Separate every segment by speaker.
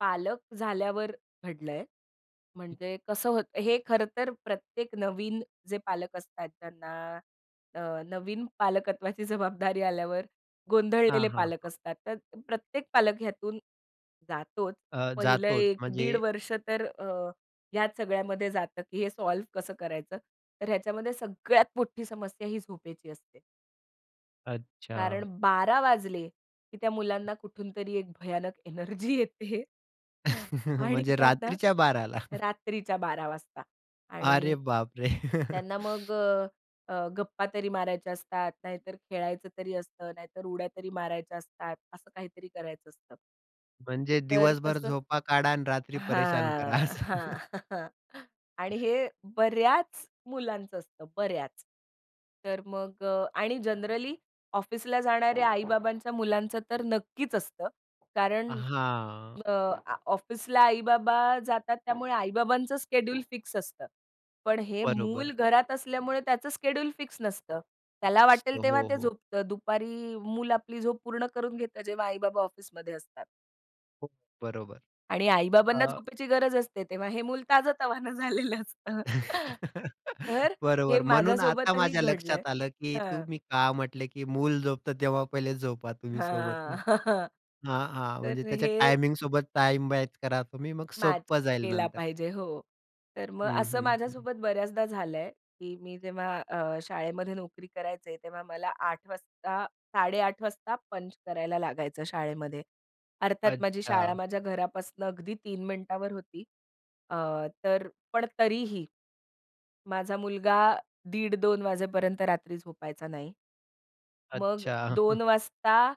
Speaker 1: पालक झाल्यावर घडलंय, म्हणजे कसं होतं, हे खरं तर प्रत्येक नवीन जे पालक असतात त्यांना अ, नवीन पालकत्वाची जबाबदारी आल्यावर
Speaker 2: हां,
Speaker 1: गोंधळलेले
Speaker 2: हां.
Speaker 1: पालक असतात. तर प्रत्येक पालक ह्यातून जातोच.
Speaker 2: अ,
Speaker 1: पहिलं
Speaker 2: जातोच
Speaker 1: 1 दीड
Speaker 2: म्हणजे.
Speaker 1: वर्ष तर अ, ह्या सगळ्यामध्ये जातं, की हे सॉल्व्ह कसं करायचं? तर ह्याच्यामध्ये सगळ्यात मोठी समस्या ही झोपेची असते. कारण
Speaker 2: अच्छा.
Speaker 1: 12:00 वाजले, की त्या मुलांना कुठूनतरी एक भयानक एनर्जी येते. आणि
Speaker 2: म्हणजे
Speaker 1: त्यांना
Speaker 2: रात्रीच्या 12
Speaker 1: रात्रीच्या 12:00 वाजता
Speaker 2: अरे
Speaker 1: आणि
Speaker 2: बापरे!
Speaker 1: त्यांना मग अ, अ, गप्पा तरी मारायच्या असतात, नाहीतर खेळायचं तरी असतं, नाहीतर उड्या तरी मारायच्या असतात. असं काहीतरी करायचं असतं.
Speaker 2: म्हणजे
Speaker 1: तर
Speaker 2: दिवसभर
Speaker 1: तसंच
Speaker 2: झोपा काढा आणि रात्री परेशान करा
Speaker 1: हां,
Speaker 2: असं.
Speaker 1: हां. आणि हे बऱ्याच मुलांचं असतं बऱ्याच. तर मग अ, आणि जनरली ऑफिसला जाणाऱ्या आई-बाबांच्या मुलांचं तर नक्कीच असतं कारण
Speaker 2: हां.
Speaker 1: अ, ऑफिसला आई-बाबा जातात. त्यामुळे आई-बाबांचं शेड्यूल फिक्स असतं. पण हे मूल
Speaker 2: बरोबर.
Speaker 1: घरात असल्यामुळे त्याचं शेड्यूल फिक्स नसतं. त्याला
Speaker 2: असतो.
Speaker 1: वाटेल तेव्हा
Speaker 2: हो,
Speaker 1: ते
Speaker 2: हो.
Speaker 1: झोपत दुपारी मुल आपली झोप पूर्ण करून घेतं. जेव्हा आई-बाबा ऑफिसमध्ये असतात.
Speaker 2: हो, बरोबर.
Speaker 1: आणि आई-बाबांना
Speaker 2: अ
Speaker 1: झोपेची गरज असते, तेव्हा हे मूल ताजं-तवाना झालेलं असतं. तर हे
Speaker 2: बरोबर म्हणून आता
Speaker 1: माझ्यासोबतही
Speaker 2: माझ्या
Speaker 1: घडलंय.
Speaker 2: लक्षात आलं, की
Speaker 1: हां.
Speaker 2: तुम्ही का म्हटल, की मूल झोपतं तेव्हा पहिले झोपा तुम्ही सोबत.
Speaker 1: हां.
Speaker 2: हं, हां, हां. म्हणजे
Speaker 1: तर
Speaker 2: त्याच्या
Speaker 1: हे
Speaker 2: टायमिंग सोबत टाईम मॅच करा तुम्ही, मग
Speaker 1: मॅच
Speaker 2: सोपं जाईल
Speaker 1: केला
Speaker 2: नंतर.
Speaker 1: पाहिजे. हो, तर मग
Speaker 2: हं,
Speaker 1: असं
Speaker 2: हं, हं.
Speaker 1: माझ्यासोबत बऱ्याचदा झालंय की मी जेव्हा अ, शाळेमध्ये नोकरी करायचे तेव्हा मला 08:00 वाजता 08:30 वाजता पंच करायला लागायचं शाळेमध्ये. अर्थात माझी शाळा
Speaker 2: अच्छा.
Speaker 1: माझ्या घरापासून अगदी 3 मिनिटावर होती. अ, तर पण तरीही माझा मुलगा दीड 2:00 वाजेपर्यंत रात्री झोपायचा नाही. मग
Speaker 2: अच्छा.
Speaker 1: 2 वाजता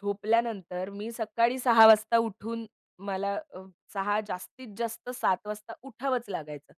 Speaker 1: झोपल्यानंतर मी सकाळी 06:00 वाजता उठून मला अ, 06:00 जास्तीत जास्त 07:00 वाजता उठावंचं लागायचं.